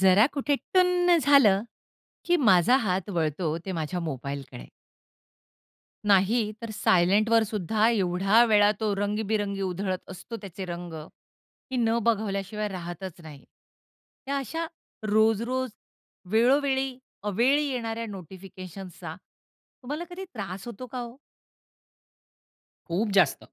जरा कुठे टुन्न झालं, की माझा हात वळतो ते माझ्या मोबाईलकडे. नाही, तर सायलेंटवर सुद्धा एवढा वेळा तो रंगीबिरंगी उधळत असतो त्याचे रंग, की न बघवल्याशिवाय राहतच नाही. या अशा रोज-रोज वेळोवेळी, अवेळी येणाऱ्या नोटिफिकेशन्सचा तुम्हाला कधी त्रास होतो का हो? खूप जास्त.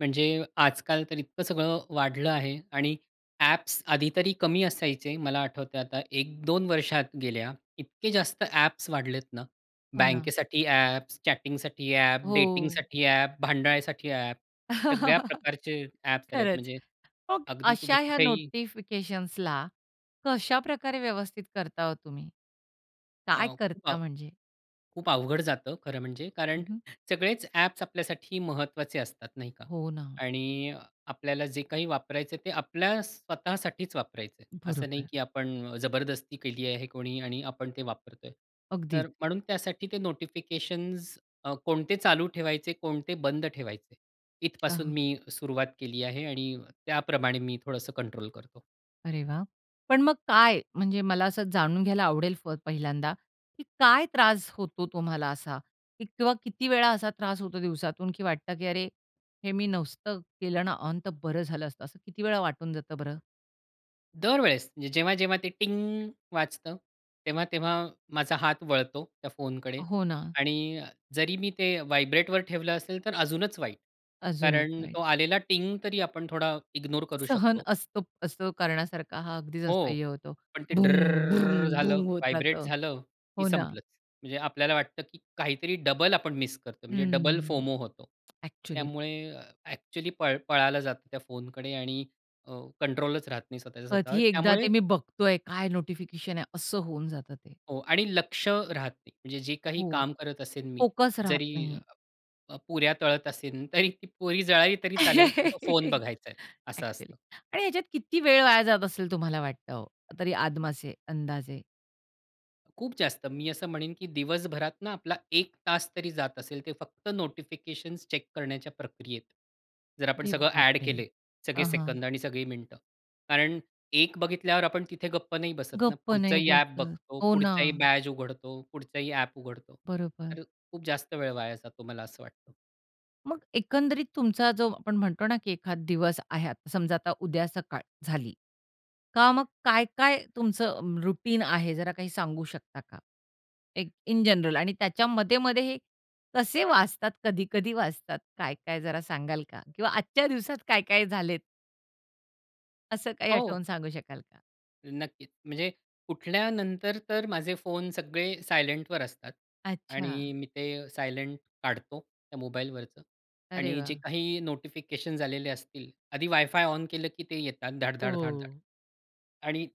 म्हणजे आजकाल तर इतकं सगळं वाढलं आहे आणि ॲप्स आधी तरी कमी असायचे मला आठवतंय आता. 1-2 वर्षात गेल्या इतके जास्त ॲप्स वाढलेत ना. हो ना. बँकेसाठी ॲप्स, चॅटिंगसाठी ॲप, हो. डेटिंगसाठी ॲप, भांडायसाठी ॲप. सगळ्या प्रकारचे ॲप्स आलेत खरंच. म्हणजे मग अगदी तुम्ही अशा ह्या कुठेही नोटिफिकेशन्सला कशा प्रकारे व्यवस्थित करता हो तुम्ही? अ, काय खूप करता अव म्हणजे? खूप अवघड जातं खरं म्हणजे कारण हं, हं. सगळेच ॲप्स आपल्यासाठी महत्त्वाचे असतात नाही का? हो ना. आणि अ, आपल्याला जे काही वापरायचं आहे ते आपल्या स्वतःसाठीच वापरायचं आहे. असं नाही, बरोबर. की आपण अ, जबरदस्ती केली आहे कोणी आणि आपण ते वापरतो आहे. तर अगदीच. म्हणून त्यासाठी ते नोटिफिकेशन्स अ, कोणते चालू ठेवायचे, कोणते बंद ठेवायचे. इथपासून अच्छा. मी सुरुवात केली आहे आणि त्याप्रमाणे मी थोडंसं कंट्रोल करतो. अरे वाह! पण मग काय म्हणजे मला असं जाणून घ्यायला आवडेल प पहिल्यांदा, की काय त्रास होतो तुम्हाला असा? किंवा किती वेळा असा त्रास होतो दिवसातून की वाटतं की अरे, हे मी नसतं केलं ना ऑन तर बरं झालं असतं. असं किती वेळा वाटून जातं बरं? दरवेळेस जेव्हा-जेव्हा ते टिंग वाजतं, तेव्हा तेव्हा माझा हात वळतो त्या फोनकडे हो ना. आणि अ, जरी मी ते व्हायब्रेटवर ठेवलं असेल तर अजूनच वाईट अजूनच कारण नाही. तो आलेला टिंग तरी आपण थोडा इग्नोर करू सहन शकतो. असतो, असतो करण्यासारखा हा अगदीच हो, असह्य होतो. पण ते भृंग, ड्रररर अ, भृंग, झालं, भृंग होत व्हायब्रेट जातं. झालं की हो ना? संपलच. म्हणजे आपल्याला वाटतं की काहीतरी डबल आपण मिस करतो म्हणजे डबल हम्म, फोमो होतो. अ‍ॅक्चुअली. त्यामुळे अ‍ॅक्चुअली पळ पळायला जातं त्या फोनकडे आणि अ, कंट्रोलच राहत नाही स्वतःच्या स्वतः कधी वर. एकदा ते त्यामुळे मी बघतो आहे काय नोटिफिकेशन आहे, असं होऊन जातं ते. हो. आणि लक्ष राहत नाही. म्हणजे जे काही हो, काम करत असेन मी, फोकस राहत जरी नाही. अ, पुऱ्या तळत असेल. तरी ती पुरी जळाली तरी चालेल, पण फोन बघायचा आहे. असं अ‍ॅक्चुअली. असतं. आणि ह्याच्यात किती वेळ वाया जात असेल तुम्हाला वाटतं हो, तरी आदमासे, अंदाजे? खूप जास्त, मी असं म्हणेन की दिवसभरात ना, आपला 1:00 तास तरी जात असेल, ते फक्त नोटिफिकेशन्स चेक करण्याच्या प्रक्रियेत. जर आपण अरे सगळं अ‍ॅड बापरे! केले, सगळे हां, हां. सेकंद आणि सगळी मिनिटं, कारण एक बघितल्यावर आपण तिथे गप्प नाही बसत ना, गप्प नाही पुढचंही ॲप बसत. बघतो, हो ना. पुढचाही बॅज उघडतो, पुढचाही ॲप उघडतो. बरोबर. तर खूप जास्त वेळ वाया जातो, मला असं वाटतं. मग एकंदरीत तुमचा जो आपण म्हणतो ना की एखाद दिवस आहे. आता समजा, आता उद्या सकाळ झाली का मग काय-काय तुमचं रुटीन आहे जरा काही सांगू शकता का? एक इन जनरल आणि त्याच्या मध्ये-मध्ये हे कसे वाजतात, कधी-कधी वाजतात, काय-काय जरा सांगाल का? किंवा आजच्या दिवसात काय-काय झालेत असं काही हो. आठवून सांगू शकाल का? नक्कीच, म्हणजे उठल्यानंतर तर माझे फोन सगळे सायलेंटवर असतात अच्छा. आणि मी ते सायलेंट काढतो, त्या मोबाईलवरचं अरे आणि जे वाह! काही नोटिफिकेशन्स आलेले असतील आधी वाय-फाय ऑन केलं की ते येतात धाड-धाड, धाड-धाड. ओह! आणि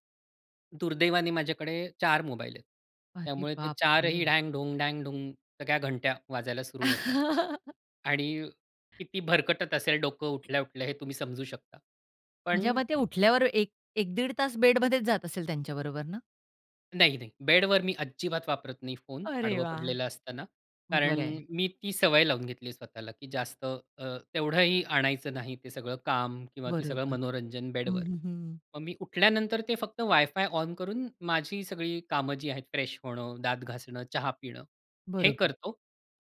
दुर्दैवाने माझ्याकडे 4 मोबाईल आहेत. अरे त्यामुळे ते चारही बापरे! ढँग-ढुंग, ढँग-ढुंग सगळ्या घंट्या वाजायला सुरु होतात आणि किती भरकटत असेल डोकं उठल्या-उठल्या हे तुम्ही समजू शकता. पण जेव्हा ते उठल्यावर एक एक दीड तास बेडमध्येच जात असेल त्यांच्याबरोबर ना? नाही, नाही. बेडवर मी अजिबात वापरत नाही फोन, अरे आडवं वाह! पडलेलं असताना. कारण बरं आहे. मी ती सवय लावून घेतली आहे स्वतःला की जास्त अ, तेवढंही आणायचं नाही ते सगळं काम किंवा ते सगळं बरोबर. मनोरंजन हं, बेडवर. हं, हं. मग मी उठल्यानंतर ते फक्त WiFi ऑन करून माझी सगळी कामं जी आहेत फ्रेश होणं, दात घासणं, चहा पिणं हे बरोबर. करतो.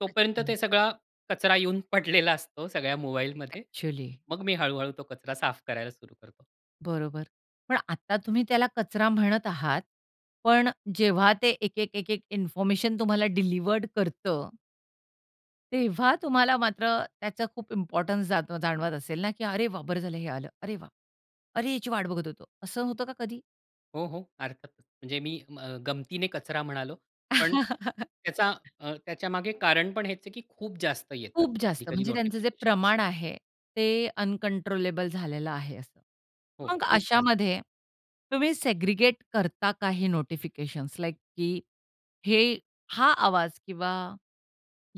तोपर्यंत अच्छा. ते सगळा कचरा येऊन पडलेला असतो सगळ्या मोबाईलमध्ये. एक्चुअली. मग मी हळूहळू तो कचरा साफ करायला सुरु करतो. बरोबर. पण आता तुम्ही त्याला कचरा म्हणत आहात पण जेव्हा ते एक-एक, एक-एक इन्फॉर्मेशन तुम्हाला डिलिव्हर्ड करतं तेव्हा तुम्हाला मात्र त्याचा खूप इम्पोर्टन्स जात जाणवत असेल ना, की "अरे वाह! बरं झालं हे आलं." "अरे वाह! अरे याची वाट बघत होतो." असं होतं का कधी? हो, हो. अर्थातच म्हणजे मी अ, गमतीने कचरा म्हणालो पण त्याचा अ, त्याच्यामागे कारण पण हेच आहे की खूप जास्त येतात, खूप कधी जास्त कधी म्हणजे त्यांचं जे नोटिफिकेशन्स. प्रमाण आहे ते अनकंट्रोलेबल झालेलं आहे असं. हो मग खूप जास्त. अशामध्ये तुम्ही सेग्रीगेट करता का हे नोटिफिकेशन्स लाइक की हे हा आवाज किंवा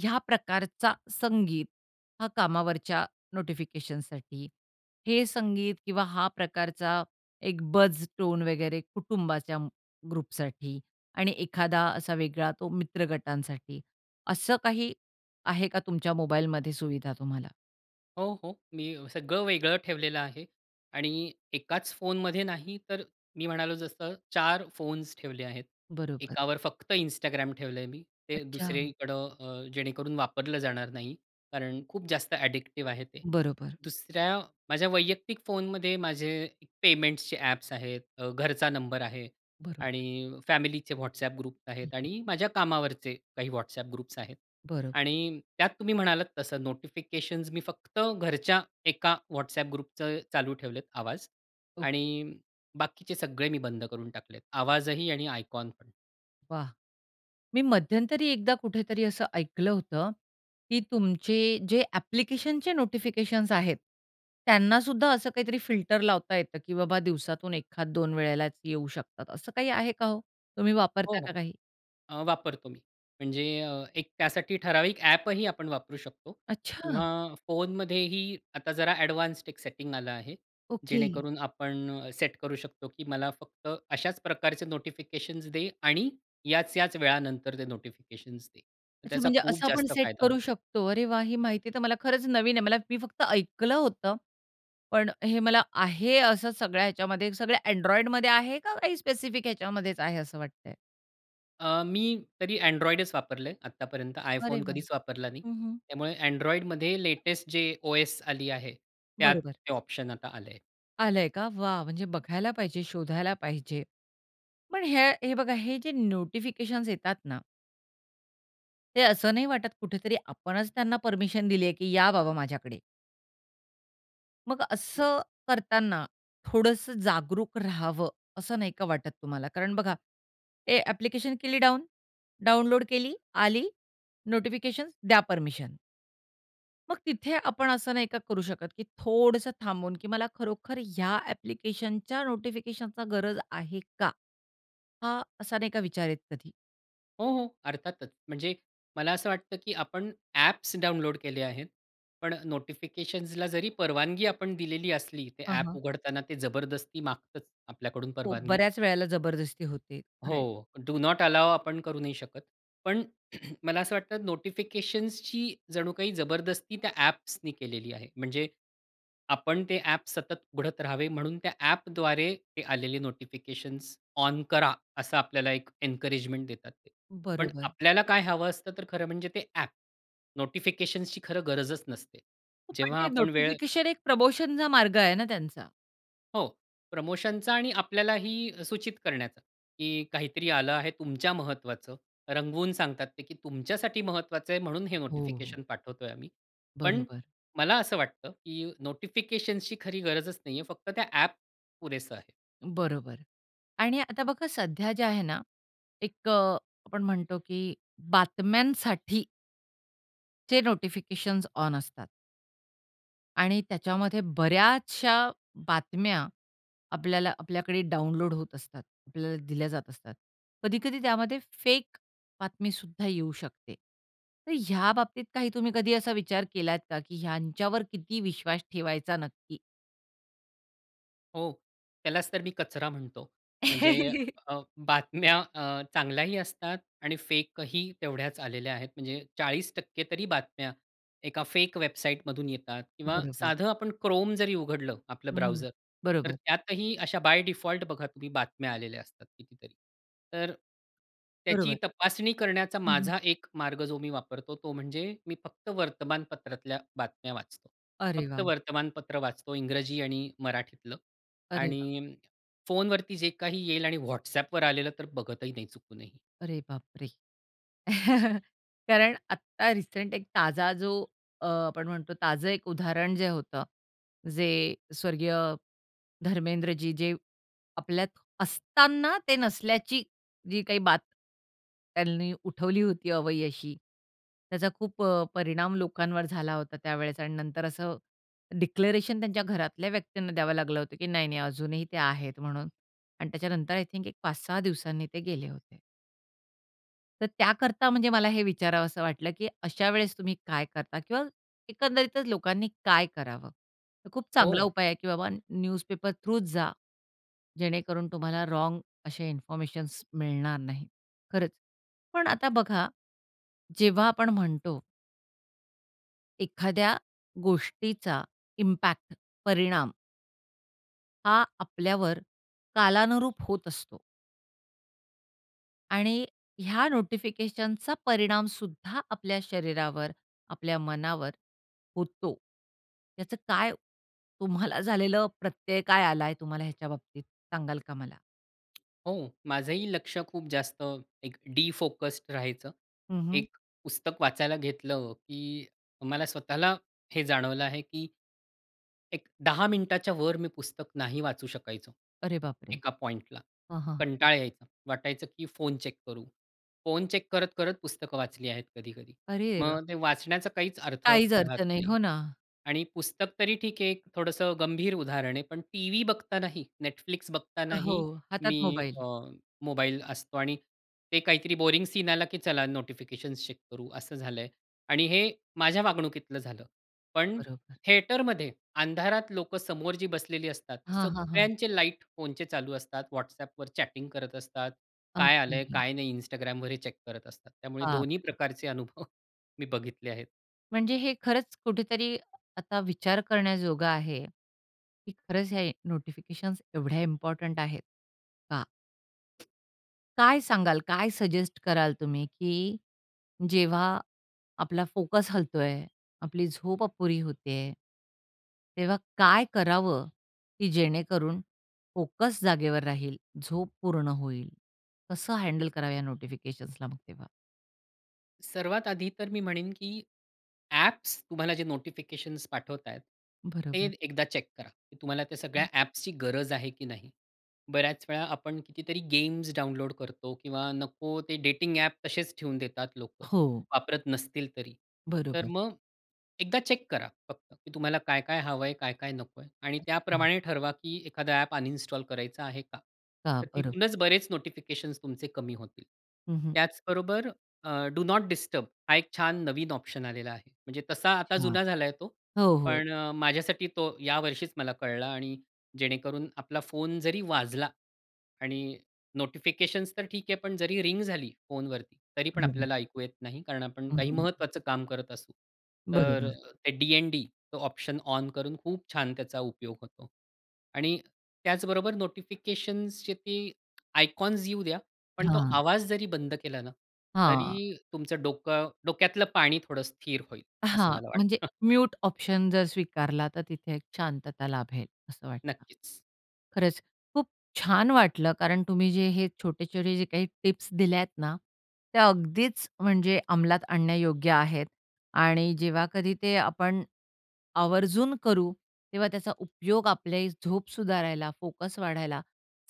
ह्या प्रकारचा संगीत हा कामावरच्या नोटिफिकेशनसाठी, हे संगीत किंवा हा प्रकारचा एक बझ टोन वगैरे कुटुंबाच्या ग्रुपसाठी आणि एखादा असा वेगळा तो मित्र गटांसाठी. असं काही आहे का तुमच्या मोबाईलमध्ये सुविधा तुम्हाला? हो, हो. मी सगळं वेगळं ठेवलेलं आहे. आणि एकाच फोनमध्ये नाही तर मी म्हणालो जसं 4 फोन्स ठेवले आहेत. बरोबर. एकावर फक्त Instagram ठेवलंय मी. ते अच्छा. दुसरीकडं अ जेणेकरून वापरलं जाणार नाही. कारण खूप जास्त ॲडिक्टिव्ह आहे ते. बरोबर. दुसऱ्या माझ्या वैयक्तिक फोनमध्ये माझे एक पेमेंट्सचे ॲप्स आहेत अ, घरचा नंबर आहे बरोबर. आणि फॅमिलीचे WhatsApp ग्रुप्स आहेत आणि माझ्या कामावरचे काही WhatsApp ग्रुप्स आहेत. बरं. आणि त्यात तुम्ही म्हणालात तसं नोटिफिकेशन्स मी फक्त घरच्या एका WhatsApp ग्रुपचे चालू ठेवलेत आवाज हो. आणि बाकीचे सगळे मी बंद करून टाकलेत, आवाजही आणि आयकॉन पण. वाह! मी मध्यंतरी एकदा कुठेतरी असं ऐकलं होतं, की तुमचे जे ॲप्लिकेशनचे नोटिफिकेशन्स आहेत, त्यांना सुद्धा असं काहीतरी फिल्टर लावता येतं, की बाबा दिवसातून एखाद दोन वेळेलाच येऊ शकतात असं काही आहे का हो? तुम्ही हो, वापरता का हो, काही? अ, वापरतो मी. म्हणजे एक त्यासाठी ठराविक ॲपही आपण वापरू शकतो अच्छा. किंवा फोनमध्येही आता जरा एडवान्स्ड एक सेटिंग आलं आहे. ओके. जेणेकरून आपण सेट करू शकतो की मला फक्त अशाच प्रकारचे नोटिफिकेशन्स दे आणि याच-याच वेळानंतर ते नोटिफिकेशन्स दे. अच्छा त्याचा म्हणजे खूप असं आपण जास्त सेट फायदा करू होतो. शकतो. अरे वाह! ही माहिती तर मला खरंच नवीन आहे. मला मी फक्त ऐकलं होतं पण हे मला आहे असं सगळ्या ह्याच्यामध्ये सगळ्या Androidमध्ये आहे का काही स्पेसिफिक ह्याच्यामध्येच आहे असं वाटतंय? अ, मी तरी Androidच वापरलय आतापर्यंत. अरे iPhone वाह! कधीच वापरला नाही. हं, हं. त्यामुळे Androidमध्ये लेटेस्ट जे ओएस आली आहे, त्यात बरोबर. ते ऑप्शन आता आलंय. आलंय का? वाह! म्हणजे बघायला पाहिजे, शोधायला पाहिजे. पण ह्या हे बघा हे जे नोटिफिकेशन्स येतात ना ते असं नाही वाटत कुठेतरी आपणच त्यांना परमिशन दिली आहे, की या बाबा माझ्याकडे? मग [unintelligible] असं करताना थोडंस जागरूक रहावं, असं नाही का वाटत तुम्हाला? कारण बघा ए ॲप्लिकेशन केली डाउन डाउनलोड केली. आली, नोटिफिकेशन्स, द्या परमिशन. मग तिथे आपण असं नाही का करू शकत की थोडंसं थांबून, की मला खरोखर या ॲप्लिकेशनच्या नोटिफिकेशनचा गरज आहे का? हा असा नाही का विचार येत कधी? हो, हो. अर्थातच. म्हणजे मला असं वाटतं की आपण ॲप्स डाउनलोड केले आहेत, पण नोटिफिकेशन्सला जरी परवानगी आपण दिलेली असली, ते हां, ॲप हां. उघडताना ते जबरदस्ती मागतच आपल्याकडून हो परवानगी बऱ्याच वेळेला जबरदस्ती होते. खरं आहे. हो. डू नॉट अलाउ आपण करू नाही शकत. पण मला असं वाटतं नोटिफिकेशन्सची जणू काही जबरदस्ती त्या ॲप्सनी केलेली आहे. म्हणजे, आपण ते ॲप सतत उघडत राहावे म्हणून त्या ॲपद्वारे ते आलेले नोटिफिकेशन्स ऑन करा असं आपल्याला एक एन्करेजमेंट देतात ते. पण बरोबर. आपल्याला काय हवं असतं तर खरं म्हणजे ते ॲप. नोटिफिकेशन्सची खरं गरजच नसते. हो पण जेव्हा ते आपण वेळ नोटिफिकेशन एक प्रमोशनचा मार्ग आहे ना त्यांचा. हो, प्रमोशनचा आणि आपल्यालाही सूचित करण्याचं की काहीतरी आलं आहे तुमच्या महत्त्वाचं. रंगवून सांगतात की तुमच्यासाठी महत्वाचं आहे म्हणून हे हो. नोटिफिकेशन पाठवतो आहे आम्ही. पण बरोबर. मला असं वाटतं की नोटिफिकेशन्सची खरी गरजच नाही आहे. फक्त त्या ॲप पुरेसं आहे. बरोबर. आणि आता बघा सध्या जे आहे ना, एक अ, आपण म्हणतो की बातम्यांसाठी चे नोटिफिकेशन्स ऑन असतात. आणि त्याच्यामध्ये बऱ्याचशा बातम्या आपल्याला आपल्याकडे डाउनलोड होत असतात. आपल्याला दिल्या जात असतात. कधी-कधी त्यामध्ये फेक बातमी सुद्धा येऊ शकते. तर ह्या बाबतीत काही तुम्ही कधी असा विचार केलात का की ह्यांच्यावर किती विश्वास ठेवायचा नक्की? हो, त्यालाच तर मी कचरा म्हणतो. म्हणजे अ, बातम्या अ, चांगल्याही असतात आणि फेक ही तेवढ्याच आलेल्या आहेत. म्हणजे 40% तरी बातम्या एका फेक वेबसाईटमधून येतात किंवा बरोबर. साधं आपण क्रोम जरी उघडलं आपलं हं. ब्राउझर तर बरोबर. त्यातही अशा बाय डिफॉल्ट बघा तुम्ही बातम्या आलेल्या असतात कितीतरी. तर त्याची बरोबर. तपासणी करण्याचा हं, हं. माझा एक मार्ग जो मी वापरतो तो म्हणजे मी फक्त वर्तमानपत्रातल्या बातम्या वाचतो. अरे फक्त वाह! वर्तमानपत्र वाचतो इंग्रजी आणि मराठीतलं अरे वाह! आणि फोनवरती जे काही येईल आणि WhatsAppवर आलेलं तर बघतही नाही चुकूनही. अरे बापरे! कारण आत्ता रिसेंट एक ताजा जो अ, आपण म्हणतो ताजं एक उदाहरण जे होतं जे स्वर्गीय धर्मेंद्रजी जे आपल्यात असताना ते नसल्याची जी काही बात त्यांनी उठवली होती अवई अशी, त्याचा खूप परिणाम लोकांवर झाला होता त्यावेळेस आणि नंतर असं डिक्लेरेशन त्यांच्या घरातल्या व्यक्तींना द्यावं लागलं होतं की नाही-नाही अजूनही ते आहेत म्हणून आणि त्याच्यानंतर आय थिंक एक 5-6 दिवसांनी ते गेले होते. तर त्याकरता, म्हणजे मला हे विचारावंस वाटलं की अशा वेळेस तुम्ही काय करता? किंवा एकंदरीतच लोकांनी काय करावं? तर खूप चांगला हो. उपाय आहे की बाबा अ, न्यूजपेपर थ्रूच जा. जेणेकरून तुम्हाला रॉन्ग असे इन्फॉर्मेशनस मिळणार नाहीत, खरंच. पण आता बघा, जेव्हा आपण म्हणतो एखाद्या गोष्टीचा इम्पॅक्ट, परिणाम हा आपल्यावर कालानुरूप होत असतो. आणि ह्या नोटिफिकेशनचा परिणाम सुद्धा आपल्या शरीरावर, आपल्या मनावर होतो. त्याचं काय तुम्हाला झालेलं प्रत्यय काय आला आहे तुम्हाला ह्याच्या बाबतीत, सांगाल का मला? हो. माझंही लक्ष खूप जास्त अ, एक डिफोकस्ड राहायचं. हं, हं. एक पुस्तक वाचायला घेतलं की मला स्वतःला हे जाणवलं आहे की एक 10:00 मिनिटाच्यावर मी पुस्तक नाही वाचू शकायचो. अरे बापरे! एका पॉइंटला हां, हां. कंटाळा यायचा. वाटायचं की फोन चेक करू. फोन चेक करत करत पुस्तकं वाचली आहेत कधी-कधी. अरे देवा! मग ते वाचण्याचा काहीच अर्थ काहीच राहत अर्थ नाही. नाही हो ना. आणि पुस्तक तरी ठीक आहे एक थोडंसं गंभीर उदाहरण आहे. पण टीव्ही बघतानाही Netflix हो. बघतानाही हातात मी मोबाईल. अ, मोबाईल असतो आणि ते काहीतरी बोरिंग सीन आला की चला नोटिफिकेशन्स चेक करू असं झालं आहे. आणि हे माझ्या वागणुकीतलं झालं पण पण बरोबर. थिएटरमध्ये अंधारात लोकं समोर जी बसलेली असतात हां, हां, हां. सगळ्यांचे लाईट फोनचे चालू असतात. WhatsApp वर चॅटिंग करत असतात. काय आलं आहे, असतोही. काय नाही Instagram वर हे चेक करत असतात. त्यामुळे दोन्ही बापरे! प्रकारचे अनुभव मी बघितले आहेत. म्हणजे हे खरंच कुठेतरी आता विचार करण्याजोगा आहे, की खरंच हे नोटिफिकेशन्स एवढ्या इम्पोर्टंट आहेत का? "काय सांगाल, काय सजेस्ट कराल तुम्ही, की जेव्हा आपला फोकस हलतो आहे, आपली झोप अपुरी होते आहे" "तेव्हा काय करावं, की जेणेकरून फोकस जागेवर राहील. झोप पूर्ण होईल. कसं हँडल करावं या नोटिफिकेशन्सला मग तेव्हा?" सर्वात आधी तर मी म्हणेन, की ॲप्स तुम्हाला जे नोटिफिकेशन्स पाठवत आहेत, ते बरोबर. एकदा चेक करा. तुम्हाला त्या सगळ्या हं. ॲप्सची गरज आहे की नाही? बऱ्याच वेळा आपण कितीतरी गेम्स डाउनलोड करतो किंवा नको ते डेटिंग ॲप तसेच ठेवून देतात लोकं हो. वापरत नसतील तरी. तर बरोबर. मग एकदा चेक करा फक्त की तुम्हाला काय-काय हवंय, काय-काय नकोय. आणि [unintelligible] त्याप्रमाणे ठरवा की एखादा ॲप अनइन्स्टॉल करायचं आहे का? हां, तर बरं. तिथूनच बरेच नोटिफिकेशन्स तुमचे कमी होतील. हं, हं. त्याचबरोबर अ, डू नोट डिस्टर्ब हा एक छान नवीन ऑप्शन आलेला आहे. म्हणजे तसा आता अच्छा. जुना झालाय तो. हो, हो. पण माझ्यासाठी तो या वर्षीच मला कळला आणि जेणेकरून आपला फोन जरी वाजला आणि नोटिफिकेशन्स तर ठीक आहे. पण जरी रिंग झाली फोनवरती तरी पण बरोबर. आपल्याला ऐकू येत नाही, कारण आपण हं, काही हं. महत्त्वाचं काम करत असू. तर बरोबर. ते डी-एन-डी तो ऑप्शन ऑन करून खूप छान त्याचा उपयोग होतो. आणि त्याचबरोबर नोटिफिकेशन्सचे ते आयकॉन्स येऊ द्या, पण तो हां. आवाज जरी बंद केला ना हां. तरी तुमचं डोकं डोक्यातलं पाणी थोडं स्थिर होईल, असं हां. मला म्हणजे वाटतं. म्यूट ऑप्शन जर स्वीकारला, तर तिथे एक शांतता लाभेल असं वाटतं. नक्कीच. खरंच खूप छान वाटलं, कारण तुम्ही जे हे छोटे-छोटे जे काही टिप्स दिल्यात ना, त्या अगदीच म्हणजे अंमलात आणण्यायोग्य आहेत. आणि जेव्हा कधी ते आपण आवर्जून करू, तेव्हा त्याचा उपयोग आपल्याही झोप सुधारायला, फोकस वाढायला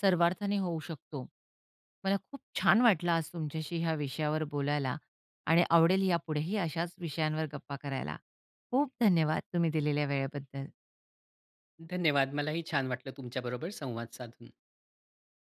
सर्वार्थाने होऊ शकतो. मला खूप छान वाटलं आज तुमच्याशी ह्या विषयावर बोलायला आणि आवडेल यापुढेही अशाच विषयांवर गप्पा करायला. खूप धन्यवाद तुम्ही दिलेल्या वेळेबद्दल. धन्यवाद! मलाही छान वाटलं तुमच्याबरोबर संवाद साधून.